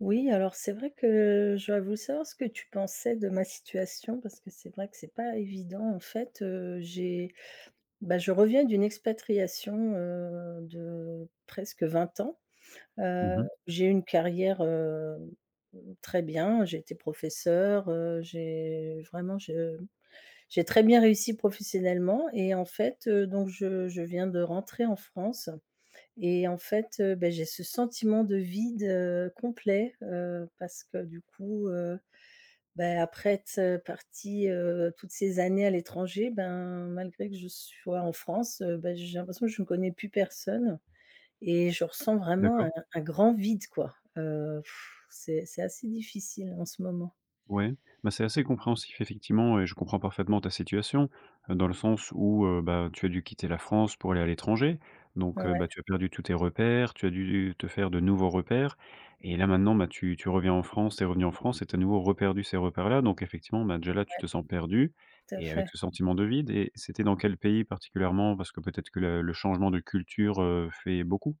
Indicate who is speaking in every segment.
Speaker 1: Oui, alors c'est vrai que j'aurais voulu savoir ce que tu pensais de ma situation parce que c'est vrai que c'est pas évident. En fait, heu, j'ai bah, je reviens d'une expatriation, heu, de presque 20 ans.
Speaker 2: Mmh
Speaker 1: Heu,
Speaker 2: mh.
Speaker 1: j'ai eu une carrière, hem, heu, très bien, j'étais professeure, heu, j'ai vraiment je mmh, j'ai très bien réussi professionnellement et en fait, heu, donc je je viens de rentrer en France et en fait, heu, beh j'ai ce sentiment de vide, heu, complet, heu, parce que du coup, heu, beh après être, heu, partie, heu, toutes ces années à l'étranger ben, malgré que je sois en France, heu, bah, j'ai l'impression que je connais plus personne et je ressens vraiment
Speaker 2: D'accord.
Speaker 1: un un grand vide, quoi. Heu, c'est c'est assez difficile en ce moment.
Speaker 2: Ouais, bah, c'est assez compréhensif effectivement et je comprends parfaitement ta situation dans le sens où heu, bah tu as dû quitter la France pour aller à l'étranger donc heu, bah
Speaker 1: Mouais.
Speaker 2: tu as perdu tous tes repères, tu as dû u te faire de nouveaux repères et là maintenant ben tu tu reviens en France, tu es revenue en France et tu as à nouveau reperdu ces repères là. Donc effectivement, ben, déjà là, tu
Speaker 1: Ouais.
Speaker 2: te sens perdue
Speaker 1: Tout à
Speaker 2: et avec
Speaker 1: fait.
Speaker 2: ce sentiment de vide et c'était dans quel pays particulièrement? Parce que peut-être que le le changement de culture, heu, fait beaucoup?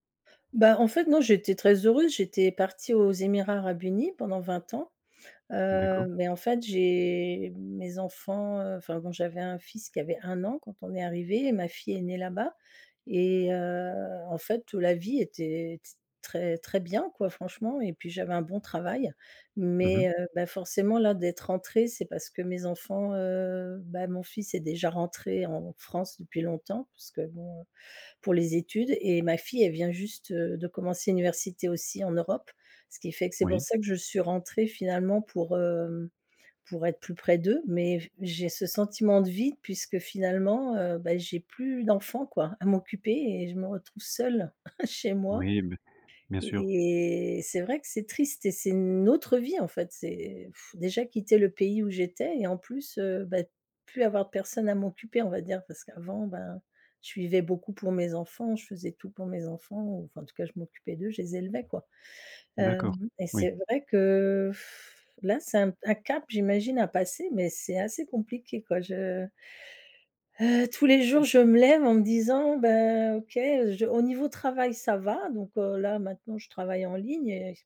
Speaker 1: Bah, en fait non, j'étais très heureuse, j'étais partie aux Émirats Arabes Unis pendant 20 ans. Heu,
Speaker 2: D'accord.
Speaker 1: beh, en fait, j'ai mes enfants, heu enfin bon, j'avais un fils qui avait 1 an quand on est arrivés et ma fille est née là-bas et heu, en fait, heu, la vie était t très, très bien, quoi, franchement et puis, j'avais un bon travail.
Speaker 2: Mmh mh.
Speaker 1: Mais heu, bah, forcément là, d'être rentrée, c'est parce que mes enfants, heu bah, mon fils est déjà rentré en France depuis longtemps parce que bon, heu, pour les études et ma fille, elle vient juste, heu, de commencer l'université aussi en Europe. Ce qui fait que c'est pour
Speaker 2: Oui.
Speaker 1: ça que je suis rentrée finalement pour, hem, pour être plus près d'eux. Mais, j j'ai ce sentiment de vide, puisque finalement, heu, beh, j'ai plus d'enfant quoi, à m'occuper et je me retrouve seule, chez moi
Speaker 2: Oui beh, bien sûr.
Speaker 1: et et c'est vrai que c'est triste et c'est une autre vie en fait. C'est déjà quitter le pays où j'étais et en plus, heu, beh, plus avoir de personne à m'occuper, on va dire. Parce qu'avant ben, je vivais beaucoup pour mes enfants, je faisais tout pour mes enfants ou enfin en tout cas, je m'occupais d'eux, je les élevais, quoi.
Speaker 2: D'accord,
Speaker 1: Hem et
Speaker 2: oui.
Speaker 1: c'est vrai que là c'est un p un cap j'imagine à passer, mais c'est assez compliqué quoi, je Heu, tous les jours,
Speaker 2: [unintelligible]
Speaker 1: je me lève en me disant: «Bah OK, heu, je» au niveau travail ça va, donc heu, là maintenant je travaille en ligne et c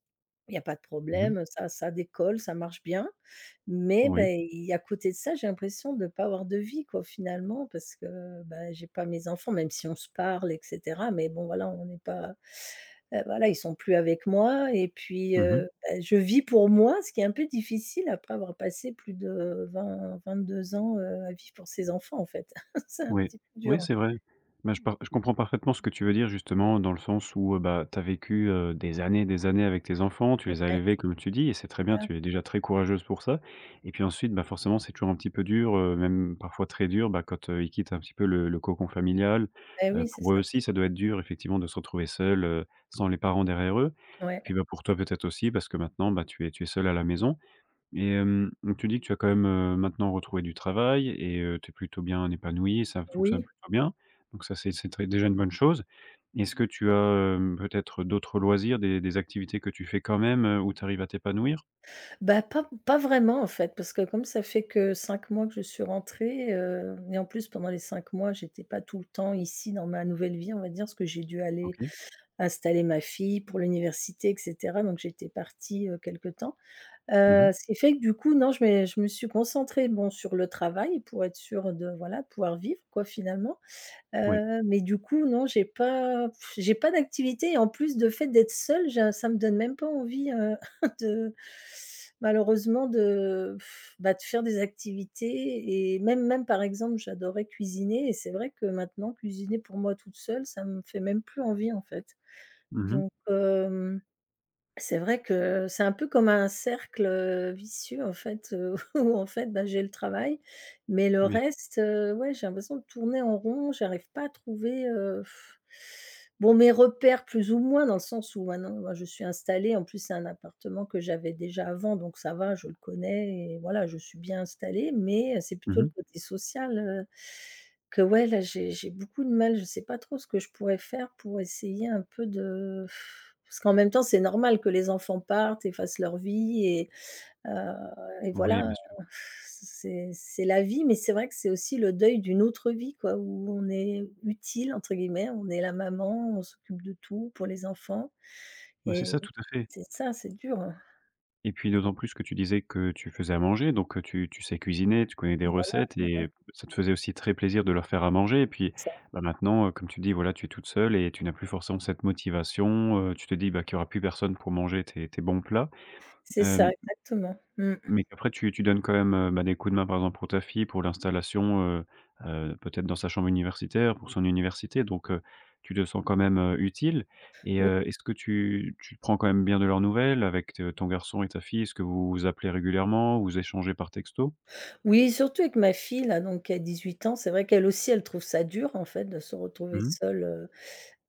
Speaker 1: il y a pas de
Speaker 2: Mmh mh.
Speaker 1: problème, heu, ça ça décolle, ça marche bien. Mais
Speaker 2: Oui.
Speaker 1: beh, il y a à côté de ça, j'ai l'impression de pas avoir de vie quoi, finalement, parce que, bah j'ai pas mes enfants, même si on se parle et cetera. Mais bon voilà, on n'est pas, heu, voilà, ils sont plus avec moi et puis,
Speaker 2: Mmh mh.
Speaker 1: heu, bah, je vis pour moi, ce qui est un peu difficile après avoir passé plus de 20-22 ans, heu, à vivre pour ses enfants, en fait. C'est un
Speaker 2: Ouais,
Speaker 1: petit peu
Speaker 2: oui,
Speaker 1: dur.
Speaker 2: c'est vrai. Mais je pars je comprends parfaitement ce que tu veux dire, justement dans le sens où, heu, bah, tu as vécu, heu, des années, des années avec tes enfants, tu les as
Speaker 1: Ouais.
Speaker 2: élevés comme tu dis et c'est très bien.
Speaker 1: Ah.
Speaker 2: Tu es déjà très courageuse pour ça et puis ensuite, bah, forcément c'est toujours un petit peu dur, heu, même parfois très dur, bah, quand, heu, ils quittent un petit peu le le cocon familial.
Speaker 1: Bah
Speaker 2: Heu,
Speaker 1: oui, c'est
Speaker 2: pour eux
Speaker 1: ça.
Speaker 2: aussi ça doit être dur effectivement de se retrouver seuls, heu, sans les parents derrière eux et
Speaker 1: Ouais.
Speaker 2: puis bah, pour toi, peut-être, aussi parce que maintenant, bah tu es tu es seule à la maison et hem, mmh, tu dis que tu as quand même, heu, maintenant retrouvé du travail et heu, tu es plutôt bien épanouie, ça fonctionne
Speaker 1: Oui.
Speaker 2: plutôt bien, donc ça c'est c'est très déjà une bonne chose. Est-ce que tu as, hem, peut-être, heu, d'autres loisirs des des activités que tu fais quand même, heu, où tu arrives à t'épanouir?
Speaker 1: Bah pas pas vraiment en fait, parce que comme ça fait que 5 mois que je suis rentrée, heu et en plus pendant les 5 mois, j'étais pas tout le temps ici dans ma nouvelle vie, on va dire. Parce que j'ai dû aller
Speaker 2: OK.
Speaker 1: installer ma fille pour l'université et cetera, donc j'étais partie, heu, quelque temps.
Speaker 2: Mmh mh.
Speaker 1: Heu, ce qui fait que du coup, non, je mé je me suis concentrée, bon sur le travail pour être sûre de voilà, pouvoir vivre, quoi, finalement.
Speaker 2: Ouais.
Speaker 1: Heu, mais du coup non, j'ai pas pff j'ai pas d'activité et en plus, de fait d'être seule, j'a ça me donne même pas envie, heu, de malheureusement de pff, bah de faire des activités et même même par exemple, j'adorais cuisiner et c'est vrai que maintenant cuisiner pour moi toute seule, ça me fait même plus envie, en fait.
Speaker 2: Mmh mh.
Speaker 1: Donc, hem, c'est vrai que, c'est un peu comme un cercle, heu, vicieux en fait, heu, où en fait bah, j'ai le travail. Mais le
Speaker 2: Bien s
Speaker 1: reste, heu, ouais, j'ai l'impression de tourner en rond, j'arrive pas à trouver, heu, bon, mes repères plus ou moins dans le sens où maintenant, moi je suis installée, en plus c'est un appartement que j'avais déjà avant donc ça va, je le connais et voilà, je suis bien installée. Mais, heu, c'est
Speaker 2: Mmh
Speaker 1: plutôt le
Speaker 2: mh
Speaker 1: côté social, heu, que ouais, là j'ai j'ai beaucoup de mal, je sais pas trop ce que je pourrais faire pour essayer un peu de parce qu'en même temps, c'est normal que les enfants partent et fassent leur vie et heu, et
Speaker 2: Oui,
Speaker 1: voilà.
Speaker 2: bien sûr.
Speaker 1: Heu, f c c'est c'est la vie, mais c'est vrai que c'est aussi le deuil d'une autre vie quoi, où on est «utile» entre guillemets. On est la maman, on s'occupe de tout pour les enfants
Speaker 2: Bah, c'est
Speaker 1: et
Speaker 2: ça tout à fait.
Speaker 1: c'est ça, c'est dur, hein.
Speaker 2: Et puis d'autant plus que tu disais que tu faisais à manger, donc tu tu sais cuisiner, tu connais des
Speaker 1: Et voilà
Speaker 2: recettes et
Speaker 1: [unintelligible]
Speaker 2: b ça te faisait aussi très plaisir de leur faire à manger et puis,
Speaker 1: Ça
Speaker 2: bah, maintenant, comme tu dis, voilà, tu es toute seule et tu n'as plus forcément cette motivation, heu, tu te dis, bah qu'il y aura plus personne pour manger tes tes bons plats.
Speaker 1: C'est
Speaker 2: Hem,
Speaker 1: ça,
Speaker 2: m
Speaker 1: exactement. Mmh.
Speaker 2: mais après tu tu donnes quand même, heu, bah des coups de main, par exemple, pour ta fille, pour l'installation, heu heu, peut-être dans sa chambre universitaire, pour son université donc heu, tu te sens quand même, heu, utile et
Speaker 1: Oui.
Speaker 2: heu, est-ce que tu tu prends quand même bien de leurs nouvelles avec t ton garçon et ta fille? Est-ce que vous vous appelez régulièrement? Vous échangez par texto?
Speaker 1: Oui, surtout avec ma fille là, donc qui a 18 ans, c'est vrai qu'elle aussi, elle trouve ça dur, en fait, de se
Speaker 2: Mmh
Speaker 1: retrouver
Speaker 2: mh.
Speaker 1: seule. Heu,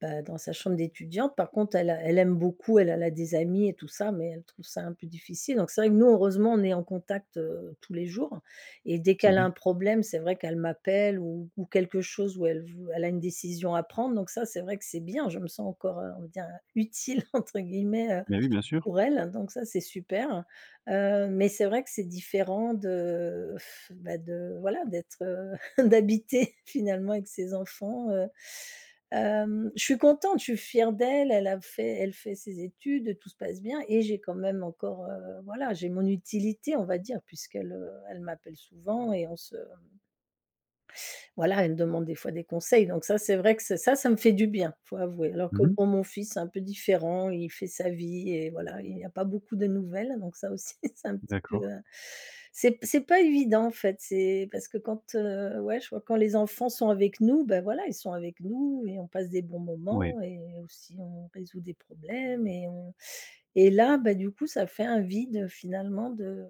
Speaker 1: bah, dans sa chambre d'étudiante. Par contre, elle a elle aime beaucoup elle elle a des amis et tout ça, mais elle trouve ça un peu difficile, donc c'est vrai que nous, heureusement, on est en contact, heu, tous les jours et dès
Speaker 2: C'est
Speaker 1: qu'elle a
Speaker 2: bien.
Speaker 1: un problème, c'est vrai qu'elle m'appelle ou ou quelque chose, où elle v elle a une décision à prendre, donc ça c'est vrai que c'est bien! Je me sens encore, heu, on va dire, heu, «utile» entre guillemets, heu,
Speaker 2: Bah oui, bien sûr!
Speaker 1: pour elle, donc ça c'est super. Heu, mais c'est vrai que c'est différent de bah de voilà d'être, heu, d'habiter finalement avec ses enfants. Heu, hem, je suis contente, je suis fière d'elle, elle a fait elle fait ses études, tout se passe bien et j'ai quand même encore, heu voilà, j'ai mon utilité, on va dire, puisqu'elle, heu, elle m'appelle souvent et on se, hem voilà, elle me demande des fois des conseils, donc ça c'est vrai que c'est ça, ça me fait du bien, faut avouer. Alors que
Speaker 2: Mmh mh.
Speaker 1: bon, mon fils, c'est un peu différent, il fait sa vie et voilà, il y a pas beaucoup de nouvelles, donc ça aussi c'est un petit peu,
Speaker 2: D'accord.
Speaker 1: heu c'est p c'est pas évident, en fait, c'est parce que quand, heu ouais, je vois quand les enfants sont avec nous, bah voilà, ils sont avec nous et on passe des bons moments
Speaker 2: Oui.
Speaker 1: et aussi on résout des problèmes et on et là, bah du coup, ça fait un vide finalement de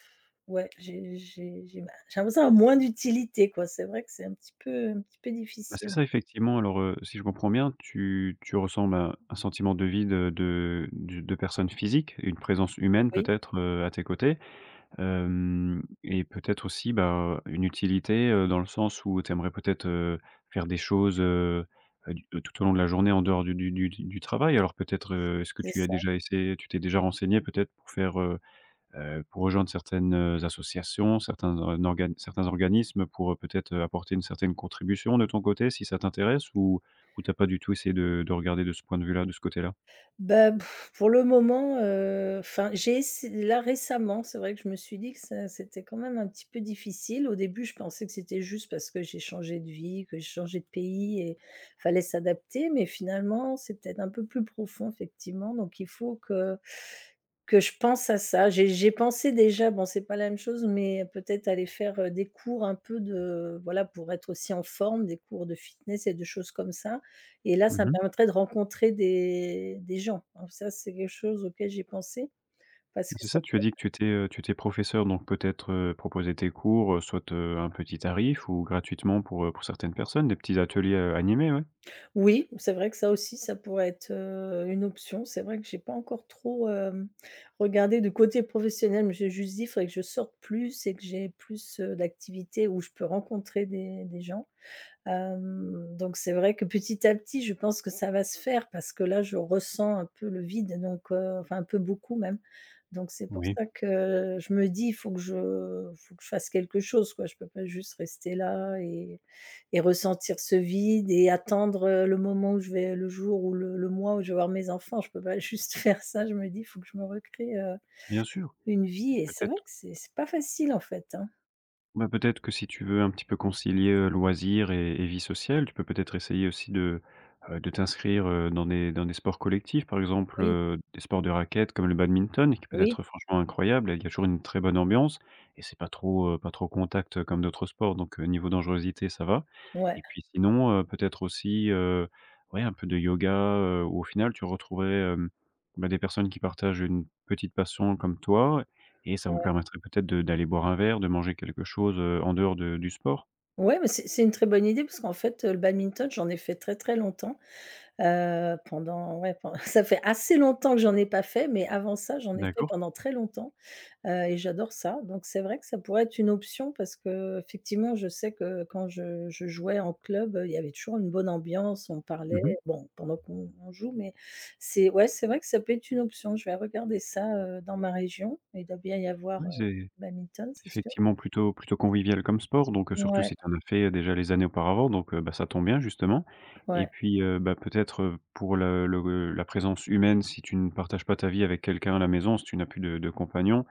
Speaker 1: ouais, j'ai j'ai j'ai bah, j'ai l'impression d'avoir moins d'utilité quoi, c'est vrai que c'est un petit peu un petit peu
Speaker 2: Bah, c'est
Speaker 1: difficile.
Speaker 2: ça effectivement. Alors, heu, si je comprends bien, tu tu ressens, ben, un sentiment de vide de du de de personnes physiques, une présence humaine
Speaker 1: Oui.
Speaker 2: peut-être, heu, à tes côtés? Hem et peut-être aussi, bah, une utilité, heu, dans le sens où tu aimerais peut-être, heu, faire des choses, heu, du de tout au long de la journée en dehors du du du du travail. Alors peut-être, est-ce que
Speaker 1: C'est
Speaker 2: tu as
Speaker 1: ça.
Speaker 2: déjà essayé tu t'es déjà renseignée peut-être pour faire, heu heu, pour rejoindre certaines, heu, associations, certains org organes certains organismes pour, heu, peut-être apporter une certaine contribution de ton côté, si ça t'intéresse? Ou ou tu as pas du tout essayé de de regarder de ce point de vue-là, de ce côté-là?
Speaker 1: Bah b pour le moment, heu enfin, j'ai essay là récemment, c'est vrai que je me suis dit que ça c'était quand même un petit peu difficile. Au début, je pensais que c'était juste, parce que j'ai changé de vie, que j'ai changé de pays et fallait s'adapter, mais finalement, c'est peut-être un peu plus profond effectivement, donc il faut que que je pense à ça. J'ai j'ai pensé, déjà, bon c'est pas la même chose, mais peut-être aller faire, heu, des cours un peu de voilà, pour être aussi en forme des cours de fitness et de choses comme ça et là,
Speaker 2: Mmh
Speaker 1: ça me
Speaker 2: mh.
Speaker 1: permettrait de rencontrer des des gens, hein, ça, c'est quelque chose, auquel j'ai pensé parce
Speaker 2: Bah
Speaker 1: que
Speaker 2: c'est
Speaker 1: ça
Speaker 2: ça,
Speaker 1: me
Speaker 2: tu as dit que tu
Speaker 1: convient.
Speaker 2: étais, heu, tu étais professeure donc peut-être, heu, proposer tes cours, heu, soit, heu, à un petit tarif ou gratuitement pour, heu, pour certaines personnes, des petits ateliers, heu, animés, ouais.
Speaker 1: Oui, c'est vrai que ça aussi, ça pourrait être, heu, une option. C'est vrai que j'ai pas encore trop, hem, regardé du côté professionnel, mais j'ai juste dit: «Faudrait que je sorte plus et que j'ai plus, heu, d'activités où je peux rencontrer des des gens». Hem, donc c'est vrai que petit à petit, je pense que ça va se faire, parce que là, je ressens un peu le vide donc heu enfin, un peu beaucoup même, donc c'est pour
Speaker 2: Oui.
Speaker 1: ça que je me dis «faut que je faut que je fasse quelque chose quoi, je peux pas juste rester là et et ressentir ce vide et attendre, heu, le moment où je vais le jour ou le le mois où je vais voir mes enfants. Je peux pas juste faire ça», je me dis: «Faut que je me recrée, heu,
Speaker 2: Bien sûr!
Speaker 1: une vie» et c'est vrai que
Speaker 2: Peut-être
Speaker 1: c'est c'est pas facile, en fait, hein.
Speaker 2: Ben, peut-être que si tu veux un petit peu concilier, heu, loisirs et et vie sociale, tu peux peut-être essayer aussi de heu, de t'inscrire, heu, dans des dans des sports collectifs. Par exemple,
Speaker 1: Oui.
Speaker 2: heu, des sports de raquette comme le badminton qui peut
Speaker 1: Oui.
Speaker 2: être franchement incroyable et qui a toujours une très bonne ambiance et c'est pas trop, heu, pas trop contact, heu, comme d'autres sports donc heu, niveau dangerosité ça va
Speaker 1: Ouais.
Speaker 2: et puis sinon, heu, peut-être aussi, heu, ouais un peu de yoga, heu, où au final tu retrouverais, hem, bah, des personnes qui partagent une petite passion comme toi et ça vous
Speaker 1: Ouais.
Speaker 2: permettrait peut-être de d'aller boire un verre, de manger quelque chose, heu, en dehors de du sport.
Speaker 1: Ouais, mais c'est c'est une très bonne idée parce qu'en fait, heu, le badminton, j'en ai fait très, très longtemps. Heu, pendant ouais, pend ça fait assez longtemps que j'en ai pas fait, mais avant ça, j'en ai fait
Speaker 2: D'accord.
Speaker 1: pendant très longtemps, heu et j'adore ça, donc c'est vrai que ça pourrait être une option, parce que effectivement, je sais que quand je je jouais en club, heu, il y avait toujours une bonne ambiance, on
Speaker 2: Mmh mh.
Speaker 1: parlait bon, pendant qu'on on joue mais c'est ouais, c'est vrai que ça peut être une option. Je vais regarder ça, heu, dans ma région, il doit bien y
Speaker 2: Oui
Speaker 1: avoir, heu,
Speaker 2: c'est
Speaker 1: du badminton, c'est
Speaker 2: c'est
Speaker 1: sûr.
Speaker 2: effectivement plutôt plutôt convivial comme sport donc heu, surtout
Speaker 1: Ouais.
Speaker 2: si tu en as fait, heu, déjà les années auparavant donc heu, bah ça tombe bien justement et
Speaker 1: Ouais.
Speaker 2: puis, heu, bah peut-être, heu, pour le le gue la présence humaine si tu ne partages pas ta vie avec quelqu'un à la maison, si tu n'as plus de de compagnon,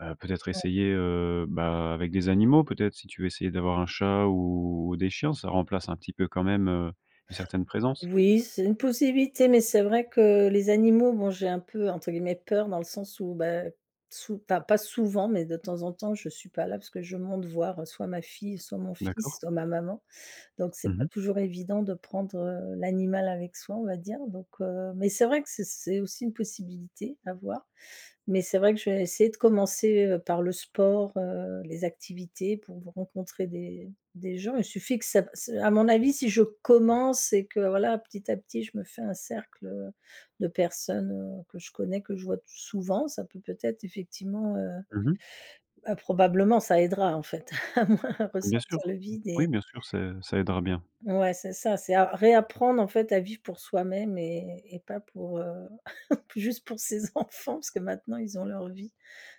Speaker 2: heu, peut-être
Speaker 1: Ouais.
Speaker 2: essayer, heu, bah avec des animaux peut-être. Si tu veux essayer d'avoir un chat ou ou des chiens, ça remplace un petit peu quand même, heu, une certaine présence.
Speaker 1: Oui, c'est une possibilité, mais c'est vrai que les animaux, bon j'ai un peu entre guillemets «peur» dans le sens où bah, sou enfin pas souvent, mais de temps en temps, je suis pas là parce que je monte voir, heu, soit ma fille, soit mon fils,
Speaker 2: D'accord.
Speaker 1: soit ma maman, donc c'est
Speaker 2: Mmh
Speaker 1: pas
Speaker 2: mh.
Speaker 1: toujours évident de prendre, heu, l'animal avec soi, on va dire, donc heu, mais c'est vrai que c'est c'est aussi une possibilité, à voir, mais c'est vrai que je vais essayer de commencer, heu, par le sport, heu, les activités pour v rencontrer des des gens. Il suffit que ça b ç à mon avis si je commence et que voilà, petit à petit, je me fais un cercle, heu, de personnes, heu, que je connais, que je vois t souvent, ça peut peut-être effectivement, heu
Speaker 2: Mmh mh.
Speaker 1: bah, probablement ça aidera en fait à moins
Speaker 2: Mmh bien sûr,
Speaker 1: ressentir le vide et
Speaker 2: oui bien sûr, c'est ça aidera bien.
Speaker 1: Ouais, c'est ça, c'est à réapprendre en fait à vivre pour soi-même et et pas pour, heu, p juste pour ses enfants parce que maintenant ils ont leur vie,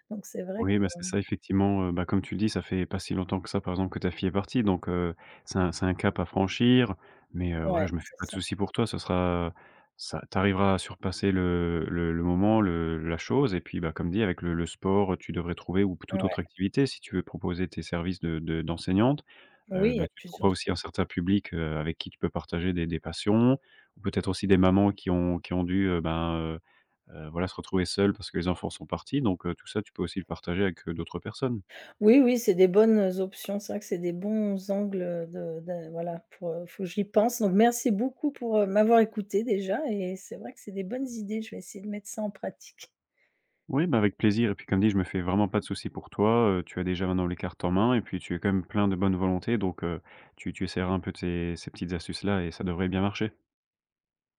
Speaker 1: donc c'est vrai
Speaker 2: Oui ben
Speaker 1: que
Speaker 2: c'est
Speaker 1: mmh
Speaker 2: ça, effectivement, heu, bah comme tu le dis, ça fait pas si longtemps que ça par exemple que ta fille est partie donc heu, c'est un c'est un cap à franchir mais heu, ouais
Speaker 1: Ouais,
Speaker 2: je me fais
Speaker 1: c'est
Speaker 2: pas de
Speaker 1: ça.
Speaker 2: souci pour toi, ça sera ça tu arriveras à surpasser le le le moment, le la chose et puis bah, comme dit avec le le sport, heu, tu devrais trouver ou p toute
Speaker 1: Ouais.
Speaker 2: autre activité si tu veux proposer tes services de de d'enseignante, heu,
Speaker 1: Oui, il y a
Speaker 2: ben tu
Speaker 1: plusieurs
Speaker 2: trouveras
Speaker 1: z
Speaker 2: aussi un certain public, heu, avec qui tu peux partager des des passions. Ou peut-être aussi des mamans qui ont qui ont dû, heu, ben, heu heu, voilà se retrouver seules parce que les enfants sont partis donc heu, tout ça tu peux aussi le partager avec, heu, d'autres personnes.
Speaker 1: Oui oui, c'est des bonnes, heu, options. C'est vrai que c'est des bons angles, heu, de da voilà pour, heu faut j'y pense donc merci beaucoup pour, heu, m'avoir écoutée déjà et c'est vrai que c'est des bonnes idées, je vais essayer de mettre ça en pratique.
Speaker 2: Oui, bah avec plaisir et puis comme dit je me fais vraiment pas de souci pour toi, heu, tu as déjà maintenant les cartes en main et puis, tu es quand même plein de bonne volonté donc heu, tu tu essaieras un peu de ces ces petites astuces là et ça devrait bien marcher.